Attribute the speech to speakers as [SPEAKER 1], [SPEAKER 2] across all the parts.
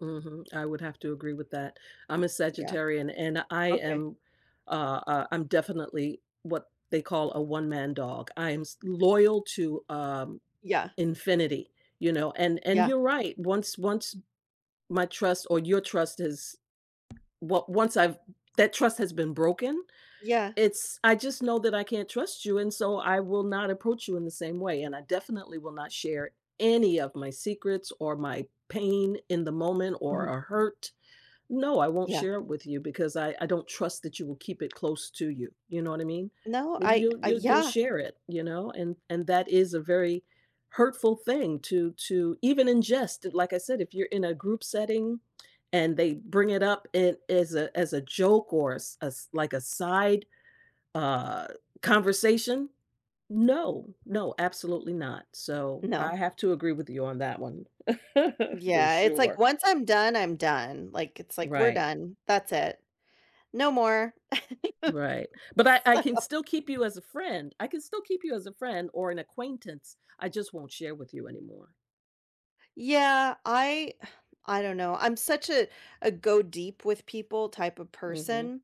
[SPEAKER 1] Mhm, I would have to agree with that. I'm a
[SPEAKER 2] Yeah.
[SPEAKER 1] Sagittarian, and I
[SPEAKER 2] Okay.
[SPEAKER 1] am, uh, uh, I'm definitely what they call a one-man dog, I am s loyal to, um,
[SPEAKER 2] Yeah.
[SPEAKER 1] infinity, you know? And and
[SPEAKER 2] Yeah.
[SPEAKER 1] you're right, once once my trust or your trust is well, once I've that trust has been broken,
[SPEAKER 2] Yeah.
[SPEAKER 1] it's I just know that I can't trust you, and so I will not approach you in the same way, and I definitely will not share any of my secrets or my pain in the moment or
[SPEAKER 2] Mhm.
[SPEAKER 1] a hurt. No, I won't
[SPEAKER 2] Yeah.
[SPEAKER 1] share it with you because I I don't trust that you will keep it close to you, you know what I mean?
[SPEAKER 2] No,
[SPEAKER 1] And
[SPEAKER 2] I
[SPEAKER 1] you'll
[SPEAKER 2] Uh,
[SPEAKER 1] you'll you'll
[SPEAKER 2] yeah.
[SPEAKER 1] share it, you know? And and that is a very hurtful thing to to even ingest, like I said, if you're in a group setting and they bring it up in as a as a joke or a s s like a side, uh, conversation, no, no, absolutely not. So,
[SPEAKER 2] No.
[SPEAKER 1] I have to agree with you on that one. For
[SPEAKER 2] Yeah, it's like
[SPEAKER 1] sure.
[SPEAKER 2] once I'm done, I'm done, like, it's like, "We're
[SPEAKER 1] Right.
[SPEAKER 2] done, that's it. No more."
[SPEAKER 1] Right, but I I
[SPEAKER 2] So
[SPEAKER 1] can still keep you as a friend, I can still keep you as a friend or an acquaintance, I just won't share with you anymore.
[SPEAKER 2] Yeah, I I don't know, I'm such a a go deep with people type of
[SPEAKER 1] Mhm.
[SPEAKER 2] person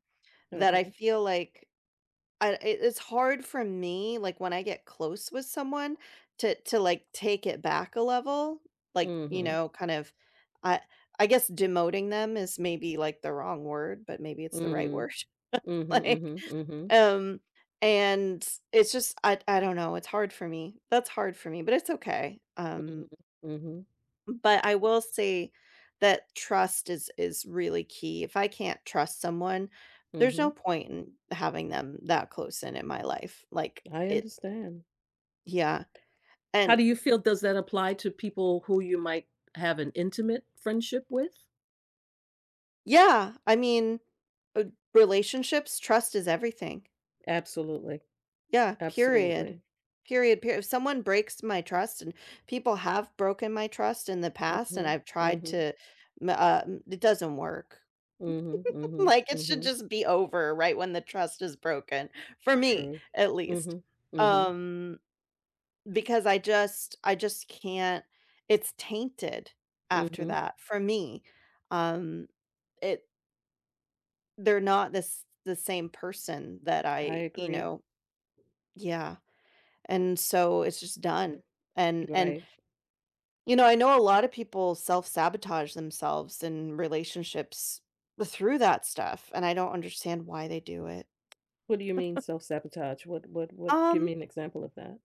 [SPEAKER 2] that I
[SPEAKER 1] Okay.
[SPEAKER 2] feel like I e it's hard for me, like, when I get close with someone to to, like, take it back a level, like, you
[SPEAKER 1] Mhm.
[SPEAKER 2] know, kind of I I guess demoting them is maybe, like, the wrong word, but maybe it's the right
[SPEAKER 1] Mm.
[SPEAKER 2] word?
[SPEAKER 1] Mhm,
[SPEAKER 2] Like
[SPEAKER 1] mhm, mhm.
[SPEAKER 2] um, and it's just I I don't know, it's hard for me; that's hard for me. But it's okay.
[SPEAKER 1] Mm.
[SPEAKER 2] Um
[SPEAKER 1] Mhm.
[SPEAKER 2] m but I
[SPEAKER 1] W
[SPEAKER 2] will say that trust is is really key. If I can't trust someone, there's no
[SPEAKER 1] Mhm.
[SPEAKER 2] point in having them that close and in my life. Like,
[SPEAKER 1] I
[SPEAKER 2] it
[SPEAKER 1] understand.
[SPEAKER 2] Yeah,
[SPEAKER 1] How
[SPEAKER 2] and
[SPEAKER 1] do you feel does that apply to people who you might have an intimate friendship with?
[SPEAKER 2] Yeah! I mean, r relationships, trust is everything.
[SPEAKER 1] Absolutely.
[SPEAKER 2] Yeah, period.
[SPEAKER 1] Absolutely.
[SPEAKER 2] Period, per if someone breaks my trust, and people have broken my trust in the past, and
[SPEAKER 1] Mhm,
[SPEAKER 2] I've tried
[SPEAKER 1] mhm.
[SPEAKER 2] to ma uh, m it doesn't work.
[SPEAKER 1] Mhm, mhm,
[SPEAKER 2] Like, it should
[SPEAKER 1] mhm.
[SPEAKER 2] just be over right when the trust is broken, for me
[SPEAKER 1] True.
[SPEAKER 2] at least,
[SPEAKER 1] Mhm, mhm.
[SPEAKER 2] um because I just I just can't it's tainted after
[SPEAKER 1] Mhm.
[SPEAKER 2] that, for me. Um, it They're not the s the same person that
[SPEAKER 1] I
[SPEAKER 2] I, you
[SPEAKER 1] agree.
[SPEAKER 2] know Yeah. And so, it's just done, and and
[SPEAKER 1] Right.
[SPEAKER 2] you know, I know a lot of people self-sabotage themselves in relationships through that stuff, and I don't understand why they do it.
[SPEAKER 1] What do you mean self-sabotage? What what what Give
[SPEAKER 2] Um
[SPEAKER 1] me an example of that.